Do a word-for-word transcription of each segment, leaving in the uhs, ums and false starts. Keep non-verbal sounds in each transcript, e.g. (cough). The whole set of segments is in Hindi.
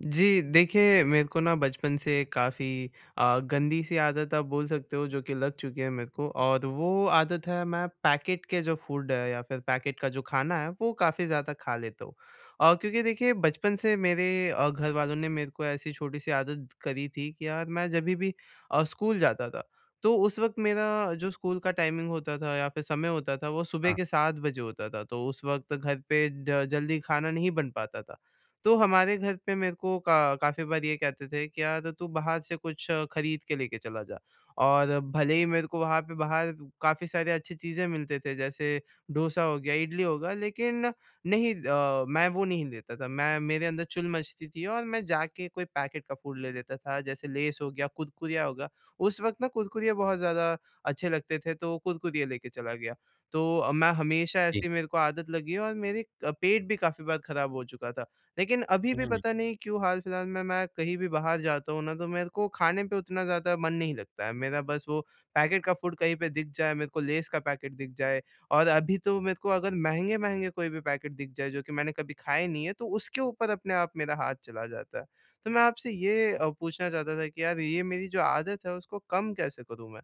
जी। देखिए मेरे को ना बचपन से काफ़ी अ, गंदी-सी आदत आप बोल सकते हो जो कि लग चुकी है मेरे को और वो आदत है मैं पैकेट के जो फूड है या फ़िर पैकेट का जो खाना है वो काफ़ी ज़्यादा खा लेता हूँ। और क्योंकि देखिए बचपन से मेरे अ, घर वालों ने मेरे को ऐसी छोटी-सी आदत करी थी कि यार मैं जभी भी अ, स्कूल जाता था तो उस वक़्त मेरा जो स्कूल का टाइमिंग होता था या फ़िर समय होता था वो सुबह हाँ। के सात बजे होता था। तो उस वक़्त घर पे ड जल्दी खाना नहीं बन पाता था। तो हमारे घर पे मेरे को का काफ़ी बार ये कहते थे कि क्या त तू बाहर से कुछ खरीद के लेके चला जा। और भले ही मेरे को वहाँ पे बाहर काफ़ी सारे अच्छी चीज़ें मिलते थे। जैसे डोसा हो गया इडली हो गया लेकिन नहीं अ, मैं वो नहीं लेता था। मैं मेरे अंदर चुल मचती थी और मैं जा के कोई पैकेट का फूड ले लेता था। जैसे लेज़ हो गया कुरकुरिया हो गया। उस वक़्त ना कुरकुरिया बहुत ज़्यादा अच्छे लगते थे तो कुरकुरिया लेके चला गया। तो मैं हमेशा जी। ऐसे ही मेरे को आदत लगी है और मेरी अ, पेट भी काफ़ी बार ख़राब हो चुका था। लेकिन अभी भी हुँ। पता नहीं क्यों हाल-फ़िलहाल में मैं कहीं भी बाहर जाता हूँ ना, तो मेरे को खाने पे उतना ज़्यादा मन नहीं लगता है। मेरा बस वो पैकेट का फूड कहीं पे दिख जाए मेरे को लेज़ का पैकेट दिख जाए। और अभी तो मेरे को अगर महँगे-महँगे कोई भी पैकेट दिख जाए जो कि मैंने कभी खाए नहीं है तो उसके ऊपर अपने आप मेरा हाथ चला जाता है। तो मैं आपसे ये अ, पूछना चाहता था कि यार ये मेरी जो आदत है उसको कम कैसे करूँ, मैं?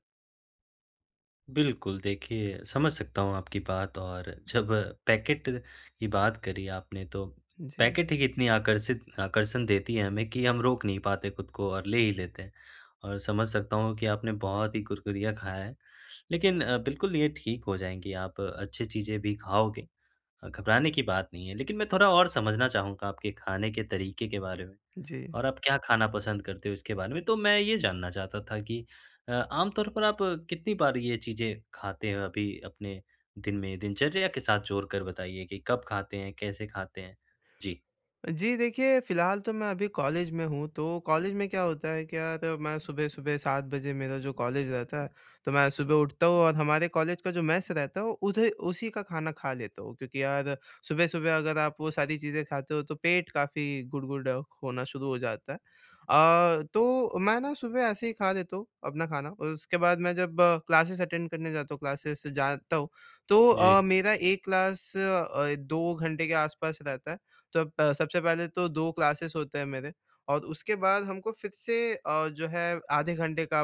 बिल्कुल देखिए, समझ सकता हूँ आपकी बात और जब पैकेट की बात करी आपने तो जी। पैकेट ही इतनी आकर्षित आकर्षण देती है हमें कि हम रोक नहीं पाते खुद को और ले ही लेते हैं। और समझ सकता हूँ कि आपने बहुत ही कुरकुरिया खाया है। लेकिन बिल्कुल ये ठीक हो जाएँगी आप अच्छी चीज़ें भी खाओगे। अ, घबराने की बात नहीं है लेकिन मैं थोड़ा और समझना चाहूँगा आपके खाने के तरीके के बारे में जी। और आप क्या खाना पसंद करते हो इसके बारे में। तो मैं ये जानना चाहता था कि अ, आम तौर पर आप कितनी बार ये चीज़ें खाते हो अभी अपने दिन में, दिनचर्या के साथ जोड़कर बताइए कि कब खाते हैं, कैसे खाते हैं? जी। जी, देखिए फ़िलहाल तो मैं अभी कॉलेज में हूँ तो कॉलेज में क्या होता है, क्या होता मैं सुबह-सुबह सात बजे मेरा जो कॉलेज रहता है। तो मैं सुबह उठता हूँ और हमारे कॉलेज का जो मेस रहता है वो उधे उसी का खाना खा लेता हूँ। क्योंकि यार सुबह-सुबह अगर आप वो सारी चीज़ें खाते हो तो पेट काफ़ी गुड़गुड़ा होना शुरू हो जाता है। अ, तो मैं ना सुबह ऐसे ही खा लेता हूँ अपना खाना और उसके बाद मैं जब क्लासेज़ अटेंड करने जाता हूँ, क्लासेज़ जाता हूँ तो अ, जी। मेरा एक क्लास अ, दो घंटे के आसपास रहता है। तब प सबसे पहले तो दो क्लासेज़ होते हैं मेरे और उसके बाद हमको फ़िर से अ, जो है आधे घंटे का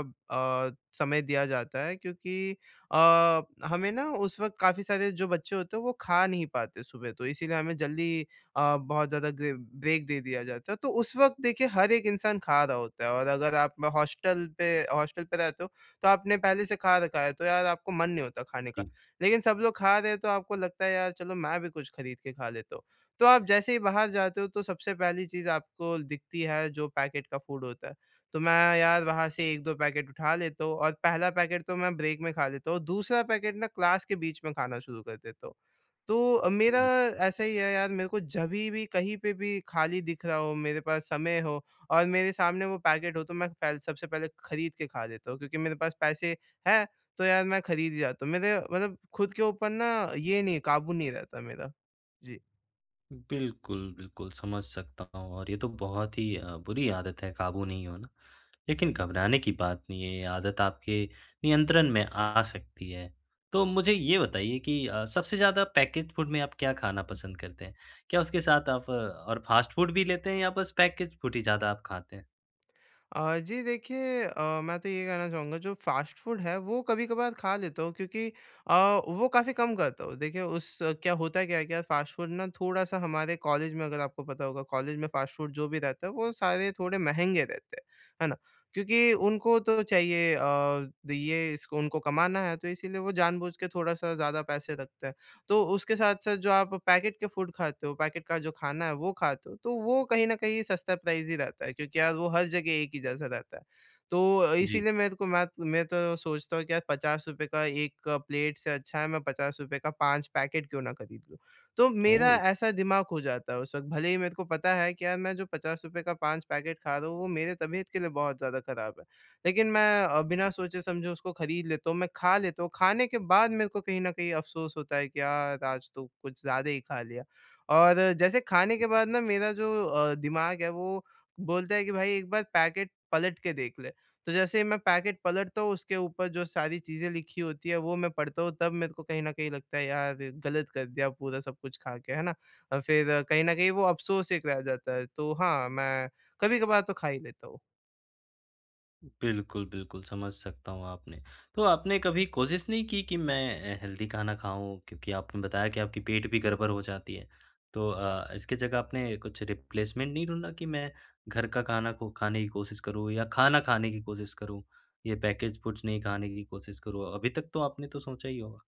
अ, समय दिया जाता है क्योंकि अ, हमें ना उस वक़्त काफ़ी सारे जो बच्चे होते वो खा नहीं पाते सुबह तो इसीलिए हमें जल्दी अ, बहुत ज़्यादा ग ब्रेक दे दिया जाता है। तो उस वक़्त देखिए हर एक इंसान खा रहा होता है और अगर आप हॉस्टल पे, हॉस्टल पे रहते हो, तो आपने पहले से खा रखा है तो यार आपको मन नहीं होता खाने का। जी। लेकिन सब लोग खा रहे हैं तो आपको लगता है यार चलो मैं भी कुछ खरीद के खा लेता हूँ। तो आप जैसे ही बाहर जाते हो तो सबसे पहली चीज़ आपको दिखती है जो पैकेट का फ़ूड होता है। तो मैं यार वहाँ से एक दो पैकेट उठा लेता हूँ और पहला पैकेट तो मैं ब्रेक में खा लेता हूँ। दूसरा पैकेट ना क्लास के बीच में खाना शुरू कर देता हूँ। तो मेरा हुँ। ऐसा ही है यार मेरे को जभी भी कहीं पे भी खाली दिख रहा हो, मेरे पास समय हो और मेरे सामने वो पैकेट हो तो मैं फैल सबसे पहले खरीद के खा लेता हूँ क्योंकि मेरे पास पैसे हैं तो यार मैं खरीद ही जाता हूँ। मेरे मतलब खुद के ऊपर ना ये नहीं है, काबू नहीं रहता मेरा। जी। बिल्कुल, बिल्कुल। समझ सकता हूँ। और ये तो बहुत ही अ, बुरी आदत है काबू नहीं होना। लेकिन घबराने की बात नहीं है ये आदत आपके नियंत्रण में आ सकती है तो मुझे ये बताइए कि अ, सबसे ज़्यादा पैकेज़्ड फूड में आप क्या खाना पसंद करते हैं? क्या उसके साथ आप और फ़ास्ट फूड भी लेते हैं या बस पैकेज़्ड फूड ही ज़्यादा आप खाते हैं? अ, जी। देखिए अ, मैं तो ये कहना चाहूँगा जो फ़ास्ट फूड है वो कभी-कभार खा लेता हूँ क्योंकि अ, वो काफ़ी कम खाता हूँ। देखिए उस क्या होता क्या है क्या फ़ास्ट फूड ना थोड़ा-सा हमारे कॉलेज में अगर आपको पता होगा कॉलेज में फ़ास्ट फूड जो भी रहता है, वो सारे थोड़े महँगे रहते हैं। है ना? क्योंकि उनको तो चाहिए अ, ये इसको उनको कमाना है तो इसीलिए वो जानबूझ के थोड़ा-सा ज़्यादा पैसे रखते हैं। तो उसके साथ-साथ जो आप पैकेट के फूड खाते हो, पैकेट का जो खाना है वो खाते हो। तो वो कहीं न कहीं सस्ता प्राइस ही रहता है क्योंकि यार वो हर जगह एक ही जैसा रहता है। तो अ, जी। इसीलिए मेरे को मैत मैं तो सोचता हूँ कि यार पचास रुपए का एक प्लेट से अच्छा है मैं पचास रुपए का पाँच पैकेट क्यों ना ख़रीद लूँ। तो मेरा ओह! ऐसा दिमाग हो जाता है उस वक़्त भले ही मेरे को पता है कि यार मैं जो पचास रुपए का पाँच पैकेट खा रहा हूँ वो मेरे तबियत के लिए बहुत ज़्यादा ख़राब है। लेकिन मैं अ, बिना सोचे-समझे उसको खरीद लेता हूँ। मैं खा लेता हूँ। खाने के बाद मेरे को कहीं न कहीं अफ़सोस होता है कि, यार आज तो कुछ ज़्यादा ही खा लिया। और जैसे खाने के बाद ना मेरा जो अ, दिमाग है वो बोलता है कि भाई एक बार पैकेट पलट के देख ले। तो जैसे ही मैं पैकेट पलटता हूँ उसके ऊपर जो सारी चीज़ें लिखी होती है वो मैं पढ़ता हूँ तब मेरे को कहीं न कहीं लगता है यार, गलत कर दिया पूरा सब कुछ खा के, है ना? और फ़िर कहीं न कहीं वो अफ़सोस एक रह जाता है। तो हाँ, मैं कभी-कभार तो खा ही लेता हूँ। बिल्कुल, बिल्कुल। समझ सकता हूँ आपने। तो आपने कभी कोशिश नहीं कि, कि मैं हेल्दी खाना खाऊँ क्योंकि आपने बताया कि आपकी पेट भी गड़बड़ हो जाती है तो अ, इसकी जगह आपने कुछ रिप्लेसमेंट नहीं ढूँढा कि मैं घर का खाना को खाने की कोशिश करूँ या खाना खाने की कोशिश करूँ या पैकेज्ड फूड्स नहीं खाने की कोशिश करूँ। अभी तक तो आपने तो सोचा ही होगा?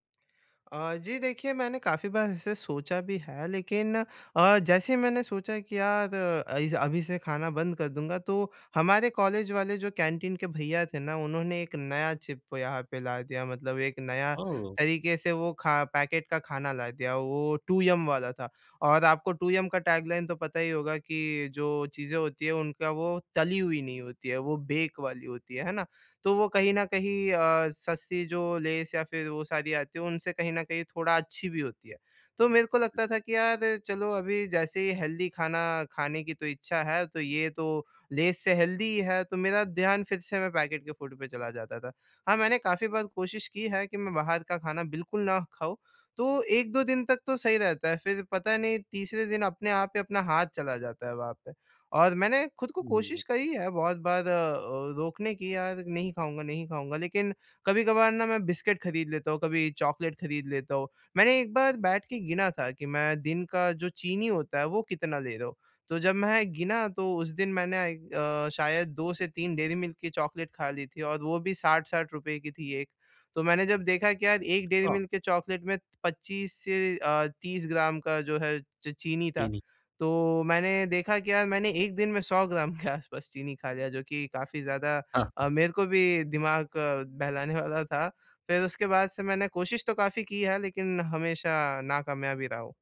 अ, जी। देखिए मैंने काफ़ी बार ऐसे सोचा भी है। लेकिन अ, जैसे ही मैंने सोचा कि यार अई ज अभी से खाना बंद कर दूँगा तो हमारे कॉलेज वाले जो कैंटीन के भईया थे ना उन्होंने एक नया चिप यहाँ पे ला दिया। मतलब एक नया ओह! तरीके से वो खा पैकेट का खाना ला दिया वो टू यम वाला था। और आपको टू यम का टैगलाइन तो पता ही होगा कि जो चीज़ें होती हैं उनका वो तली हुई नहीं होती है वो बेक वाली होती हैं। है ना? तो वो कहीं न कहीं अ, सस्ती जो लेस या फ़िर वो सारी आती है उनसे कहीं न कहीं थोड़ा अच्छी भी होती है। तो मेरे को लगता था कि यार चलो अभी जैसे ही हेल्दी खाना खाने की तो इच्छा है तो ये तो लेस से हेल्दी है। तो मेरा ध्यान फ़िर से मैं पैकेट के फूड पे चला जाता था। हाँ मैंने काफ़ी बार कोशिश की है कि मैं बाहर का खाना बिल्कुल ना खाऊँ। तो एक दो दिन तक तो सही रहता है फ़िर पता नहीं तीसरे दिन अपने आप पे अपना हाथ चला जाता है वहाँ पे। और मैंने ख़ुद को कोशिश हुँ। करी है बहुत बार अ अ, रोकने की यार नहीं खाऊँगा, नहीं खाऊँगा। लेकिन कभी-कभार ना मैं बिस्किट खरीद लेता हूँ, कभी चॉकलेट खरीद लेता हूँ। मैंने एक बार बैठ के गिना था कि मैं दिन का जो चीनी होता है वो कितना ले रहा हूँ। तो जब में गिना तो उस दिन मैंने आई अ, शायद से दो से तीन डेयरी मिल्क की चॉकलेट खा ली थी। और वो भी साठ साठ रुपए की थी एक तो मैंने जब देखा के यार कि एक डेयरी हाँ। मिल्क के चॉकलेट में पच्चीस से अ, तीस ग्राम का जो है च चीनी था। चीनी। तो मैंने देखा के यार मैंने एक दिन में सौ ग्राम के आस पास चीनी खा लिया। जो कि काफ़ी ज़्यादा हाँ। अ, मेरे को भी दिमाग अ, बहलाने वाला था। फ़िर उसके बाद से मैंने कोशिश तो काफ़ी की है। लेकिन हमेशा नाकामयाब ही रहा हूँ।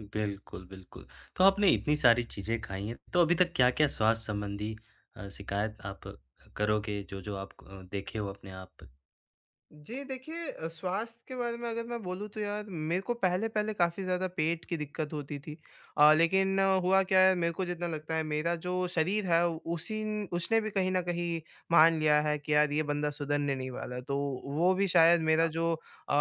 बिल्कुल, बिल्कुल। तो आपने इतनी सारी चीज़ें खाई हैं, तो अभी तक क्या-क्या स्वास्थ्य संबंधी अ, शिकायत आप करोगे, जो-जो आप क अ, देखे हो अपने आप? जी, देखिए अ, स्वास्थ्य के बारे में अगर मैं बोलूँ, तो यार, मेरे को पहले-पहले काफ़ी ज़्यादा पेट की दिक्कत होती थी। अ, लेकिन हुआ क्या है, मेरे को जितना लगता है, मेरा जो शरीर है, उसी न उसने भी कहीं न कहीं मान लिया है कि, यार, ये बंदा सुधरने नहीं वाला है। तो वो भी शायद मेरा हाँ। जो अ,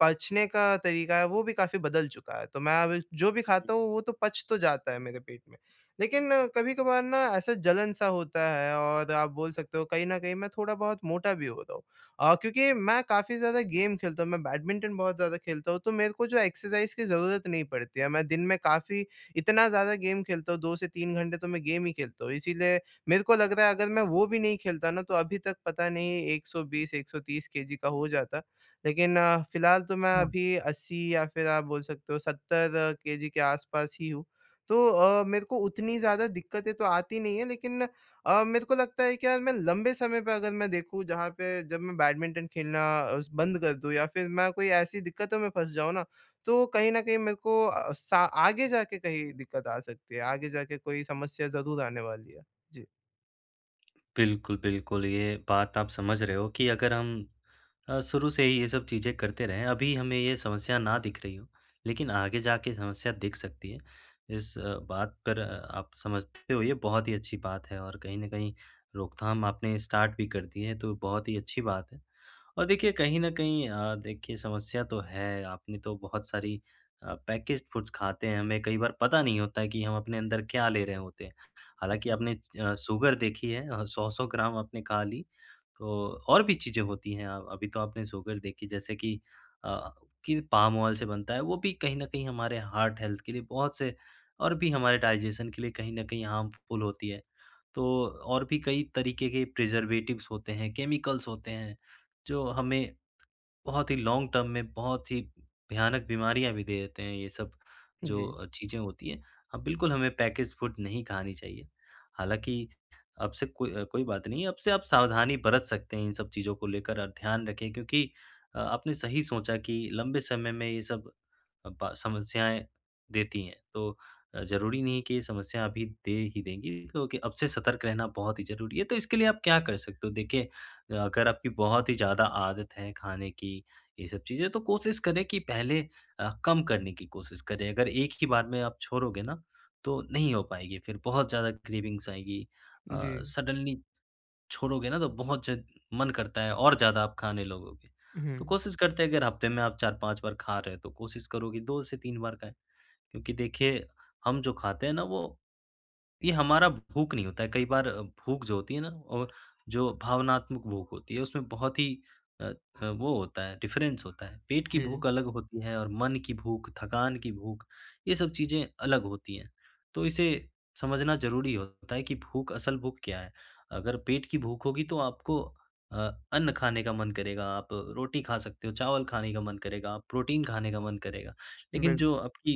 पचने का तरीका है, वो भी काफ़ी बदल चुका है। तो मैं अब जो भी खाता हुँ। हूँ, वो तो पच तो जाता है मेरे पेट में। लेकिन कभी-कभार ना, ऐसा जलन-सा होता है और आप बोल सकते हो, कहीं न कहीं मैं थोड़ा-बहुत मोटा भी हो रहा हूँ अ, क्योंकि मैं काफ़ी ज़्यादा गेम खेलता हूँ, मैं बैडमिंटन बहुत ज़्यादा खेलता हूँ, तो मेरे को जो एक्सरसाइज़ की ज़रूरत नहीं पड़ती है। मैं दिन में काफ़ी इतना ज़्यादा गेम खेलता हूँ, दो से तीन घंटे तो मैं गेम ही खेलता हूँ। इसीलिए मेरे को लग रहा है, अगर मैं वो भी नहीं खेलता ना, तो अभी तक पता नहीं, एक सौ बीस, एक सौ तीस केजी का हो जाता। लेकिन, फ़िलहाल तो मैं (unintelligible) अभी अस्सी या फिर आप बोल सकते हो, सत्तर केजी के आस-पास ही हूँ। तो अ, मेरे को उतनी ज़्यादा दिक्कतें तो आती नहीं हैं, लेकिन अ, मेरे को लगता है कि यार, मैं लंबे समय पे अगर मैं देखूँ, जहाँ पे जब मैं बैडमिंटन खेलना अ, स बंद कर दूँ या फिर मैं कोई ऐसी दिक्कतों में फँस जाऊँ ना, तो कहीं न कहीं मेरे को अ, सा आगे जा के कहीं दिक्कत आ सकती है, आगे जाके कोई समस्या ज़रूर आने वाली है। जी। बिल्कुल, बिल्कुल। ये बात आप समझ रहे हो कि अगर हम अ, शुरू से ही ये सब चीज़ें करते रहें अभी हमें ये समस्या ना दिख रही हो, लेकिन आगे जाके समस्या दिख सकती है। इस बात पर आप समझते हो ये बहुत ही अच्छी बात है, और कहीं न कहीं रोकथाम आपने स्टार्ट भी कर दी है तो बहुत ही अच्छी बात है। और देखिए कहीं न कहीं अ, देखिए समस्या तो है आपने तो बहुत सारी अ, पैकेज फूड्स खाते हैं हमें कई बार पता नहीं होता है कि हम अपने अंदर क्या ले रहे होते हैं। हालाँकि जी। आपने अ, सुगर देखी है अ, सौ सौ ग्राम आपने खा ली तो और भी चीजें होती हैं अ, अभी तो आपने सुगर देखी जैसे कि, अ, कि पाम ऑयल से बनता है, वो भी कहीं न कहीं हमारे हार्ट हेल्थ के लिए बहुत से और भी हमारे डाइजेशन के लिए कहीं न कहीं हार्मफुल होती है। तो और भी कई तरीके के प्रिज़र्वेटिव्स होते हैं, केमिकल्स होते हैं, जो हमें बहुत ही लॉन्ग टर्म में बहुत ही भयानक बीमारियाँ भी दे देते हैं ये सब जी। जो चीज़ें होती हैं। अ, बिल्कुल हमें पैकेज फूड नहीं खानी चाहिए, हालाँकि अब से को कोई बात नहीं है, अब से आप सावधानी बरत सकते हैं इन सब चीज़ों को लेकर। अब ध्यान रखें क्योंकि अ, आपने सही सोचा कि लंबे समय में ये सब अब समस्याएँ देती हैं, तो अ, ज़रूरी नहीं कि ये समस्या अभी दे ही देंगी क्योंकि अब से सतर्क रहना बहुत ही ज़रूरी है। तो इसके लिए आप क्या कर सकते हो, देखिए अ, अगर आपकी बहुत ही ज़्यादा आदत है खाने की, ये सब चीजें, तो कोशिश करें कि पहले अ, कम करने की कोशिश करें। अगर एक ही बार में आप छोड़ोगे ना तो नहीं हो पाएगी फिर बहुत ज़्यादा क्रेविंग्स आएगी। अ, जी। सडन्ली छोड़ोगे ना, तो बहुत ज मन करता है और ज़्यादा आप खाने लगोगे। तो हुँ। कोशिश करते, अगर हफ्ते में आप चार पाँच बार खा रहे हैं तो कोशिश करो कि दो से तीन बार खाएँ। क्योंकि देखिए हम जो खाते हैं ना वो, ये हमारा भूख नहीं होता है कई बार भूख जो होती है ना और जो भावनात्मक भूख होती है, उसमें बहुत ही अ अ, वो होता है डिफरेंस होता है, पेट की जी। भूख अलग होती है और मन की भूख, थकान की भूख, ये सब चीज़ें अलग होती हैं। तो इसे समझना ज़रूरी होता है कि भूख असल भूख क्या है, अगर पेट की भूख होगी तो आपको अ, अन्न खाने का मन करेगा, आप रोटी खा सकते हो, चावल खाने का मन करेगा, प्रोटीन खाने का मन करेगा लेकिन बिल जो आपकी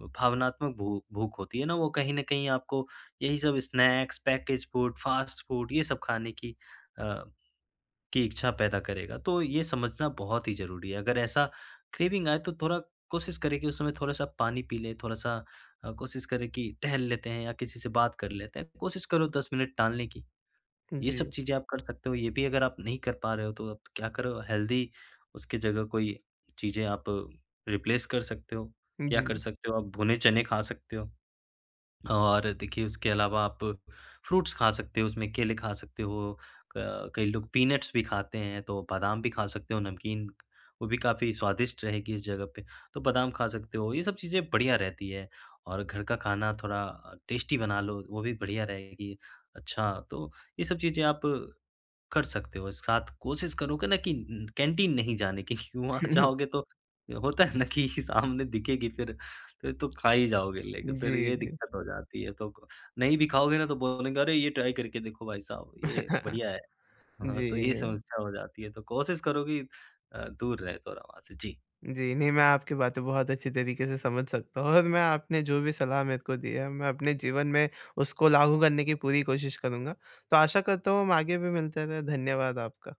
अ, भावनात्मक भू भूख होती है ना वो कहीं न कहीं आपको यही सब snacks package food fast food ये सब खाने की अ, कि इच्छा पैदा करेगा। तो ये समझना बहुत ही ज़रूरी है, अगर ऐसा क्रेविंग आए तो थोड़ा कोशिश करें कि उस समय थोड़ा-सा पानी पी ले, थोड़ा-सा अ, कोशिश करें कि टहल लेते हैं या किसी से बात कर लेते हैं, कोशिश करो दस मिनट टालने की। ये जी। सब चीजें आप कर सकते हो ये भी अगर आप नहीं कर पा रहे हो, तो आप क्या करो हेल्दी उसकी जगह कोई चीजें आप रिप्लेस कर सकते हो। क्या कर जी। सकते हो आप भुने चने खा सकते हो, और देखिए उसके अलावा आप फ्रूट्स खा सकते हो उसमें केले खा सकते हो, क कई लोग पीनट्स भी खाते हैं, तो बादाम भी खा सकते हो, नमकीन, वो भी काफ़ी स्वादिष्ट रहेगी इस जगह पे, तो बादाम खा सकते हो, ये सब चीज़ें बढ़िया रहती है और घर का खाना थोड़ा अ, टेस्टी बना लो वो भी बढ़िया रहेगी। अच्छा तो ये सब चीज़ें आप कर सकते हो, साथ कोशिश करो कि ना कि उम कैंटीन नहीं जाने की, वहाँ (chuckles) जाओगे तो होता है ना कि सामने दिखेगी फिर फिर तो खा ही जाओगे लेके फिर जी, ये जी। दिक्कत हो जाती है तो, नहीं भी खाओगे ना तो बोलेंगे, अरे ये ट्राई करके देखो भाई साहब, ये (chuckles) बढ़िया है। हाँ, तो जी, ये नहीं। समस्या हो जाती है तो कोशिश करो कि अ, दूर रहे थोड़ा वहाँ से जी। जी। नहीं मैं आपकी बातें बहुत अच्छी तरीके से समझ सकता हूँ और मैं आपने जो भी सलाह मेरे को दी है, मैं अपने जीवन में उसको लागू करने की पूरी कोशिश करूँगा, तो आशा करता हूँ हम आगे भी मिलते रहे। धन्यवाद आपका।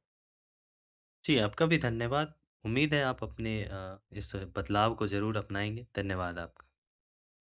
जी, आपका भी धन्यवाद। उम्मीद है आप अपने अ, इस बदलाव को ज़रूर अपनाएँगे। धन्यवाद आपका।